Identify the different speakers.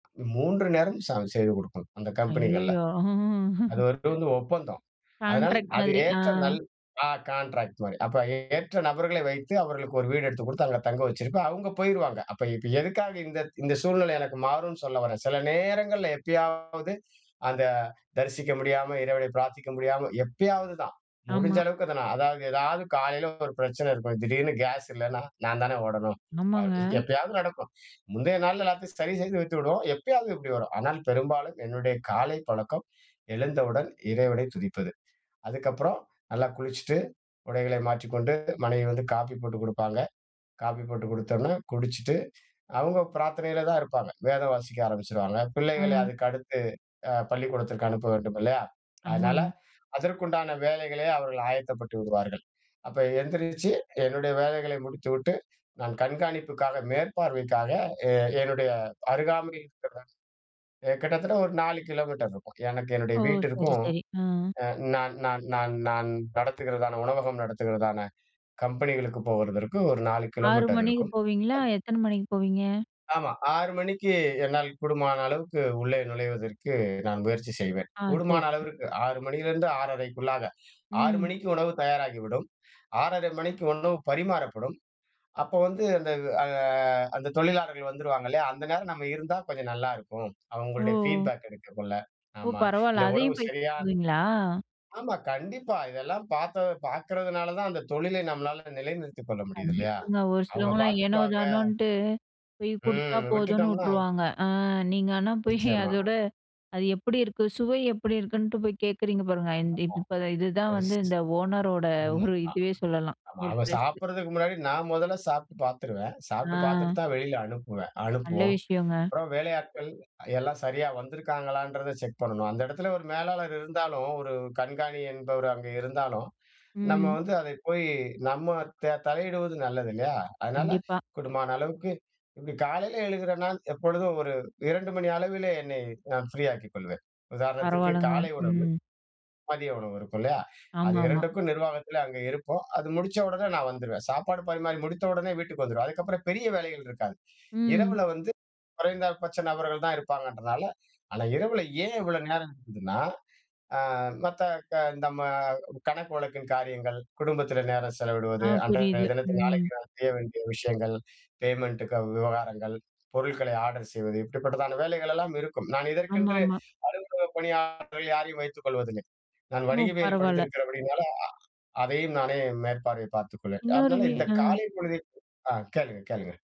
Speaker 1: 3 நேரம் சம் செய்து கொடுக்கனும், அந்த கம்பெனிகள்ல.
Speaker 2: ஐயயோ! அம்
Speaker 1: அது ஒருதவங்க ஒப்பந்தம். அதனால
Speaker 2: கான்ட்ராக்ட்
Speaker 1: அது
Speaker 2: மாதிரி ஆ,
Speaker 1: ஏற்ற நல் ஆ கான்ட்ராக்ட் மாரி, அப்ப ஏற்ற நபர்களை வைத்து அவர்களுக்கு ஒரு வீடு எடுத்துக் கொடுத்து அங்க தங்க வச்சிருப்பேன். அவங்க போயிருவாங்க. அப்ப இப்ப எதுக்காக இந்த இந்த சூழ்நிலை எனக்கு மாறும்னு சொல்லவரேன், சில நேரங்கள்ல எப்பயாவது அந்த, தரிசிக்க முடியாம இறைவன பிரார்த்திக்க முடியாம, எப்பயாவது தான், முடிஞ்ச
Speaker 2: ஆமா.
Speaker 1: அளவுக்கு அத நான் அதாவது எதாவது காலையில ஒரு பிரச்சனை இருக்கும், திடீருனு கேஸ் இல்லன்னா நான் தான ஓடணும், அ
Speaker 2: ஆமாங்க.
Speaker 1: எப்பயாவது நடக்கும், முந்தைய நாள்ல எல்லாத்தையும் சரி செஞ்சு வைத்து விடுவோம். எப்பயாவது இப்டி வரும். ஆனால் பெரும்பாலும் என்னுடைய காலைப் பழக்கம் எழுந்தவுடன் இறைவனைத் துதிப்பது. அதுக்கப்புறம் நல்லா குளிச்சுட்டு உடைகளை மாற்றிக்கொண்டு, மனைவி வந்து காஃபி போட்டு குடுப்பாங்க, காப்பி போட்டு குடுத்தோனே குடிச்சிட்டு, அவங்க பிரார்த்தனையில தான் இருப்பாங்க, வேதம் வாசிக்க ஆரம்பிச்சுடுவாங்க, பிள்ளைகளை
Speaker 2: அ.
Speaker 1: அதுக்கடுத்து அ பள்ளிக்கூடத்திற்கு அனுப்ப வேண்டும் இல்லையா, அதனால
Speaker 2: ஆமாங்க.
Speaker 1: அதற்குண்டான வேலைகளே அவர்கள் ஆயத்தப்பட்டு விடுவார்கள். அப்ப எந்திரிச்சு என்னுடைய வேலைகளை முடித்துவிட்டு நான் கண்காணிப்புக்காக மேற்பார்வைக்காக எ என்னுடைய அருகாமையில் இருக்கிற, கிட்டத்தட்ட ஒரு 4 கிலோமீட்டர் இருக்கும், எனக்கு என்னுடைய
Speaker 2: ஓ! சரி,
Speaker 1: வீட்டிற்கும்,
Speaker 2: சரி. அ.
Speaker 1: அ நான் நான் நான் நான் நடத்துகிறதான உணவகம் நடத்துகிறதான கம்பெனிகளுக்கு போவதற்கு, ஒரு 4
Speaker 2: 6:00
Speaker 1: கிலோமீட்டர்
Speaker 2: மணிக்கு
Speaker 1: இருக்கும்.
Speaker 2: போவீங்களா
Speaker 1: அத்
Speaker 2: எத்தனை மணிக்கு போவீங்க?
Speaker 1: ஆமா 6:00 மணிக்கு என்னால் கூடுமான அளவுக்கு உள்ளே நுழைவதற்கு நான் முயற்சி செய்வேன்,
Speaker 2: ஆ. சரி,
Speaker 1: கூடுமான
Speaker 2: சரி.
Speaker 1: அளவிற்கு 6:00 மணிலருந்து 6:30 6:00
Speaker 2: ம்.
Speaker 1: மணிக்கு உணவு தயாராகிவிடும், 6:30 மணிக்கு உணவு பரிமாறப்படும், அப்போ வந்து அந்த ஆ அந்த தொழிலாளர்கள் வந்துருவாங்க இல்லையா, அந்த நேரம் நம்ம இருந்தா கொஞ்சம் நல்லாருக்கும், அவங்களுடைய
Speaker 2: ஓ!
Speaker 1: ஃபீட்பேக் எடுக்கக்குள்ள
Speaker 2: ஓ!
Speaker 1: ஆமா
Speaker 2: பரவால
Speaker 1: இல்ல உணவு
Speaker 2: அதையும் போய்
Speaker 1: சரியா
Speaker 2: பண்ணுவீங்களா?
Speaker 1: ஆமா, கண்டிப்பா. இதெல்லாம் பார்த்தது பார்க்கிறதனால தான், அந்த தொழிலை நம்மலால நிலைநிறுத்திக் கொள்ள முடியது இல்லையா?
Speaker 2: கண்டிப்பாங்க. ஒரு
Speaker 1: அவங்க
Speaker 2: சிலவங்களலாம் ஏனோ
Speaker 1: பார்த்துக்குவாங்க
Speaker 2: தானோன்னுட்டு, போய் குடுத்தா
Speaker 1: ம்,
Speaker 2: போதும்னு
Speaker 1: விட்டுட்டோம்னா
Speaker 2: வுட்டுருவாங்க, ஆ நீங்க ஆனா போய்
Speaker 1: நிச்சியமா.
Speaker 2: அதோட, அது எப்டி இருக்கு? சுவை எப்டி இருக்குன்ட்டு போய் கேட்குறீங்க பாருங்க, இந் இப்ப இதுதான் வந்து
Speaker 1: ஆமா.
Speaker 2: இந்த ஓனர் ஓட
Speaker 1: [unintelligible]
Speaker 2: ஒரு இதுவே சொல்லலாம், ஒரு
Speaker 1: நாங்க
Speaker 2: பிளஸ்.
Speaker 1: சாப்பிடுறதுக்கு முன்னாடி நான் மொதல சாப்பிட்டு பார்த்துருவேன், சாப்பிட்டு பார்த்துட்டு
Speaker 2: ஆ
Speaker 1: தான் வெளில அனுப்புவேன்
Speaker 2: நல்ல
Speaker 1: அனுப்புவோம்,
Speaker 2: விஷயங்க.
Speaker 1: அப்புறம் வேலை ஆட்கள் எல்லாம் சரியா வந்துருக்காங்களன்றத செக் பண்ணணும், அந்த இடத்துல ஒரு மேலாளர் இருந்தாலும், ஒரு கண்காணி என்பவர் அங்கே இருந்தாலும், நம்ம
Speaker 2: ம்.
Speaker 1: வந்து அதை போய், நம்ம த தலையிடுவது நல்லது இல்லையா? அதனால
Speaker 2: கண்டிப்பா.
Speaker 1: கூடுமான அளவுக்கு இப்டி காலையில எழுகிறேனா நான் எப்பொழுதும் ஒரு 2:00 மணி அளவிலே என்னை நான் ஃப்ரீ ஆக்கிக் கொள்வேன். உதாரணத்துக்கு
Speaker 2: பரவாலங்க.
Speaker 1: காலை உணவு,
Speaker 2: ம்.
Speaker 1: மதிய உணவு இருக்கும் இல்லையா. அது
Speaker 2: ஆமாமா.
Speaker 1: 2க்கும் நிர்வாகத்தில அங்கே இருப்போம், அது முடிச்ச உடனே நான் வந்துருவேன், சாப்பாடு பரிமாறி முடித்த உடனே வீட்டுக்கு வந்துவிருவேன். அதுக்கு அப்புறம் பெரிய வேலைகள் இருக்காது.
Speaker 2: ம்.
Speaker 1: இரவுல வந்து, குறைந்தபட்ச நபர்கள் தான் இருப்பாங்கன்றதுனால, அல இரவு ஏன் இவ்வளோ நேரம் இருக்குதுனா, ஆ மத்த க நம்ம கணக்கு வழக்கின் காரியங்கள், குடும்பத்தில நேரம் செலவிடுவது,
Speaker 2: ஆ,
Speaker 1: அன்றைய
Speaker 2: புரியுது.
Speaker 1: தினத்தில
Speaker 2: ம்.
Speaker 1: நாளைக்கு நான் செய்ய வேண்டிய விஷயங்கள், பேமெண்டு கு க விவகாரங்கள், பொருட்களை ஆர்டர் செய்வது இப்டிப்பட்டதான வேலைகள் எல்லாம் இருக்கும். நான் இதற்கென்று
Speaker 2: ஆமாமா.
Speaker 1: அலுவலக பணியாளர்கள் யாரையும் வைத்துக் கொள்வதில்லை. நான்
Speaker 2: ஓ!
Speaker 1: வடிகவியல்
Speaker 2: பரவால.
Speaker 1: படுத்திருக்கிறபடினால அ அதையும் நானே மேற்பார்வையை பார்த்துக் கொள்வேன்.
Speaker 2: இன்னொரு
Speaker 1: அதனால
Speaker 2: வீ
Speaker 1: இந்த
Speaker 2: அ.
Speaker 1: காலை பொழுதில் ஆ கேளுங்க கேளுங்க.